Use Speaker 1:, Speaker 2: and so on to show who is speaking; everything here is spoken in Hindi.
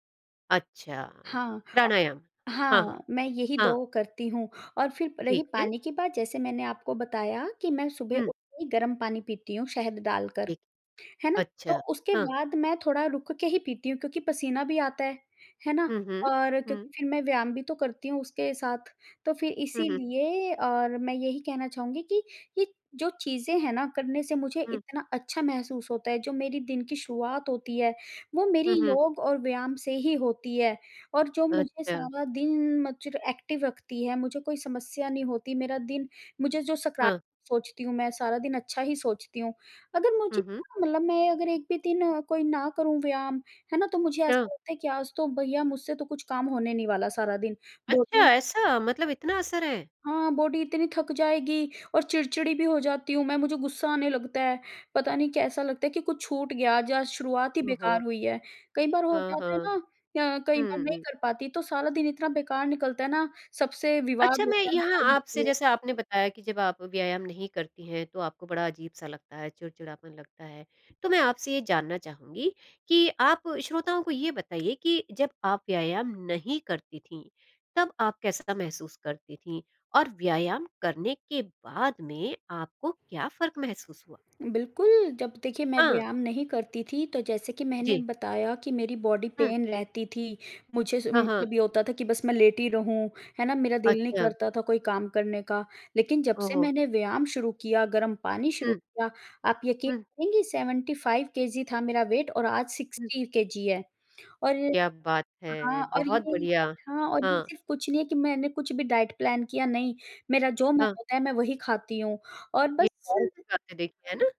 Speaker 1: अच्छा।
Speaker 2: हाँ,
Speaker 1: प्राणायाम, हाँ,
Speaker 2: हाँ,
Speaker 1: हाँ।
Speaker 2: मैं यही
Speaker 1: हाँ।
Speaker 2: 2 करती हूँ और फिर रही
Speaker 1: ठीक है।
Speaker 2: पानी के बात, जैसे मैंने आपको बताया कि मैं सुबह
Speaker 1: हुँ।
Speaker 2: उठ के गरम पानी पीती हूँ शहद डालकर,
Speaker 1: ठीक।
Speaker 2: है ना? तो
Speaker 1: अच्छा,
Speaker 2: उसके
Speaker 1: हाँ।
Speaker 2: बाद मैं थोड़ा रुक के ही पीती हूँ, क्योंकि पसीना भी आता है, है ना?
Speaker 1: हुँ, हुँ।
Speaker 2: और
Speaker 1: हुँ।
Speaker 2: क्योंकि फिर मैं व्यायाम भी तो करती हूँ, उसके साथ। तो फिर
Speaker 1: हुँ, हुँ।
Speaker 2: इसीलिए और मैं यही कहना चाहूँगी कि ये जो चीज़ें हैं ना, करने से मुझे
Speaker 1: हुँ।
Speaker 2: इतना अच्छा महसूस होता है, जो मेरी दिन की शुरुआत होती है, वो मेरी
Speaker 1: हुँ, हुँ।
Speaker 2: योग और व्यायाम से ही होती है और जो मुझे
Speaker 1: अच्छा।
Speaker 2: सारा दिन [unintelligible] एक्टिव रखती है, मुझे कोई समस्या नहीं होती मेरा दिन मुझे जो सका
Speaker 1: हाँ।
Speaker 2: सोचती हूँ, मैं सारा दिन अच्छा ही सोचती हूँ, अगर मुझे
Speaker 1: हुँ, हुँ।
Speaker 2: [unintelligible] मतलब मैं अगर 1 भी दिन अ, कोई ना करूँ, व्यायाम है ना तो मुझे
Speaker 1: हाँ।
Speaker 2: ऐसा लगता है कि आज तो भैया मुझसे तो कुछ काम होने नहीं वाला सारा दिन बहुत
Speaker 1: अच्छा,
Speaker 2: ही
Speaker 1: ऐसा मतलब इतना असर है।
Speaker 2: हाँ, बॉडी इतनी थक जाएगी और चिड़चिड़ी भी हो जाती हूँ मैं, मुझे गुस्सा आने लगता है, पता नहीं कैसा लगता है कि कुछ छूट गया, आज, आज शुरुआत ही
Speaker 1: ओह हो!
Speaker 2: बेकार हुई है। कई बार हो
Speaker 1: हाँ,
Speaker 2: जाता है
Speaker 1: हाँ।
Speaker 2: ना, अ, कई बार
Speaker 1: हुँ,
Speaker 2: नहीं
Speaker 1: हुँ।
Speaker 2: कर पाती, तो सारा दिन इतना बेकार निकलता है ना, सबसे
Speaker 1: अच्छा,
Speaker 2: विवाद
Speaker 1: मैं
Speaker 2: होता है,
Speaker 1: यहाँ
Speaker 2: लड़ाई
Speaker 1: आपसे
Speaker 2: होती है।
Speaker 1: जैसे आपने बताया कि जब आप व्यायाम नहीं करती हैं, तो आपको बड़ा अज़ीब-सा लगता है चिड़चिड़ापन लगता है, तो मैं आपसे ये जानना चाहूँगी कि आप श्रोताओं को ये बताइए कि जब आप व्यायाम नहीं करती थीं, तब आप कैसा महसूस करती थीं? और व्यायाम करने के बाद में आपको क्या फ़र्क महसूस हुआ?
Speaker 2: बिल्कुल, जब देखिए मैं
Speaker 1: हाँ।
Speaker 2: व्यायाम नहीं करती थी, तो जैसे कि मैंने
Speaker 1: जी।
Speaker 2: बताया कि मेरी बॉडी
Speaker 1: हुँ।
Speaker 2: पेन रहती थी, मुझे स उ
Speaker 1: हाँ, हाँ।
Speaker 2: मतलब ये होता था कि बस मैं लेटी रहूँ, है ना, मेरा दिल नहीं
Speaker 1: अच्छा।
Speaker 2: करता था कोई काम करने का, लेकिन जब
Speaker 1: ओह
Speaker 2: से
Speaker 1: हो!
Speaker 2: मैंने व्यायाम शुरू किया, गर्म पानी शुरू
Speaker 1: हुँ।
Speaker 2: किया, आप यकीन
Speaker 1: हुँ।
Speaker 2: करेंगी 75 KG था मेरा वेट और आज
Speaker 1: हुँ।
Speaker 2: 60KG है और
Speaker 1: क्या बात है!
Speaker 2: हाँ और
Speaker 1: बहुत
Speaker 2: ये
Speaker 1: बढ़िया।
Speaker 2: हाँ, और ये
Speaker 1: हाँ।
Speaker 2: सिर्फ़ कुछ नहीं है कि मैंने कुछ भी डाइट प्लान किया नहीं मेरा जो मन
Speaker 1: हाँ।
Speaker 2: होता है मैं वही खाती हूँ, और
Speaker 1: ये
Speaker 2: बस
Speaker 1: [unintelligible] देखी है ना?